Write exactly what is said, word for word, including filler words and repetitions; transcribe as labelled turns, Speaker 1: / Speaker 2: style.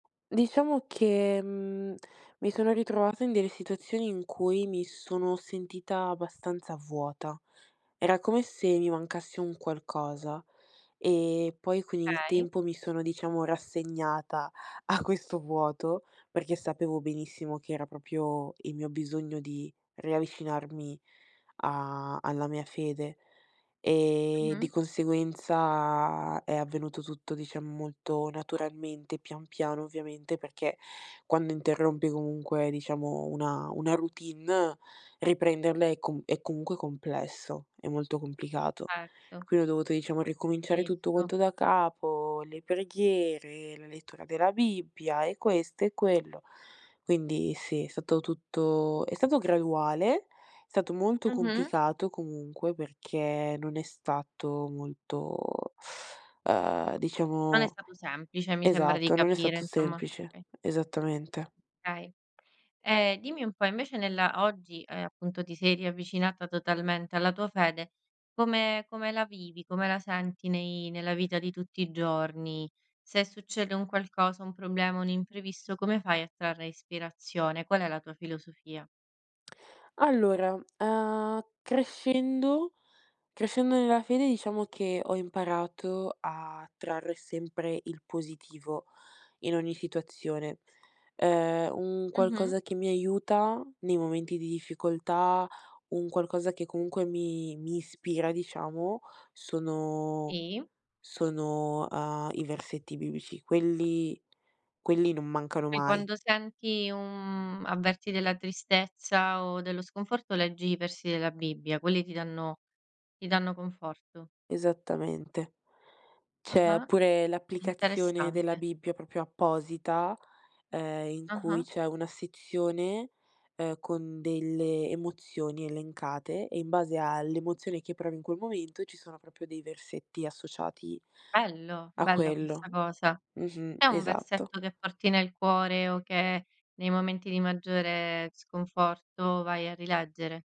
Speaker 1: Diciamo che, mhmm, mi sono ritrovata in delle situazioni in cui, mi sono sentita abbastanza vuota. Era come se mi mancasse un qualcosa, e poi con il
Speaker 2: kay
Speaker 1: tempo mi sono diciamo rassegnata, a questo vuoto, perché sapevo benissimo, che era proprio, il mio bisogno di riavvicinarmi a alla mia fede. E di
Speaker 2: Mh-mh.
Speaker 1: conseguenza, è avvenuto tutto, diciamo, molto naturalmente, pian piano ovviamente, perché, quando interrompi comunque diciamo una una routine, riprenderla è comu è comunque complesso, è molto complicato.
Speaker 2: Certo.
Speaker 1: Quindi ho dovuto diciamo ricominciare tutto
Speaker 2: Visto.
Speaker 1: quanto da capo, le preghiere, la lettura della Bibbia, e questo e quello. Quindi sì, è stato tutto è stato graduale, è stato molto
Speaker 2: Mh-mh.
Speaker 1: complicato comunque, perché non è stato molto ehm,
Speaker 2: Non è
Speaker 1: diciamo
Speaker 2: stato semplice, mi sembra di
Speaker 1: esatto, non è
Speaker 2: capire,
Speaker 1: stato
Speaker 2: insomma.
Speaker 1: semplice,
Speaker 2: Okay.
Speaker 1: esattamente.
Speaker 2: kay. Ehm, dimmi un po', invece nella oggi, ehm, appunto ti sei riavvicinata totalmente alla tua fede. Come come la vivi, come la senti nei nella vita di tutti i giorni? Se succede un qualcosa, un problema, un imprevisto, come fai a trarre ispirazione? Qual è la tua filosofia?
Speaker 1: Allora, uhm, crescendo, crescendo nella fede, diciamo, che ho imparato a trarre sempre il positivo, in ogni situazione. Ehm, un
Speaker 2: Mh-mh.
Speaker 1: qualcosa che mi aiuta, nei momenti di difficoltà, un qualcosa che comunque mi mi ispira, diciamo, sono
Speaker 2: Sì.
Speaker 1: sono, uhm, i versetti biblici, quelli quelli non mancano
Speaker 2: E
Speaker 1: mai.
Speaker 2: quando senti un avverti della tristezza, o dello sconforto leggi i versi della Bibbia, quelli ti danno ti danno conforto.
Speaker 1: Esattamente. C'è
Speaker 2: Ah-ah,
Speaker 1: pure l'applicazione della
Speaker 2: interessante.
Speaker 1: Bibbia propio apposita, ehm, in cui
Speaker 2: Ah-ah.
Speaker 1: c'è una sezione, ehm, con delle emozioni elencate, e in base all'emozione che provi in quel momento, ci sono proprio dei versetti associati
Speaker 2: Bello,
Speaker 1: a
Speaker 2: bella questa
Speaker 1: quello.
Speaker 2: cosa.
Speaker 1: Mh-mh,
Speaker 2: C'è un
Speaker 1: esatto.
Speaker 2: versetto che porti nel cuore, o che nei momenti di maggiore sconforto, vai a rileggere?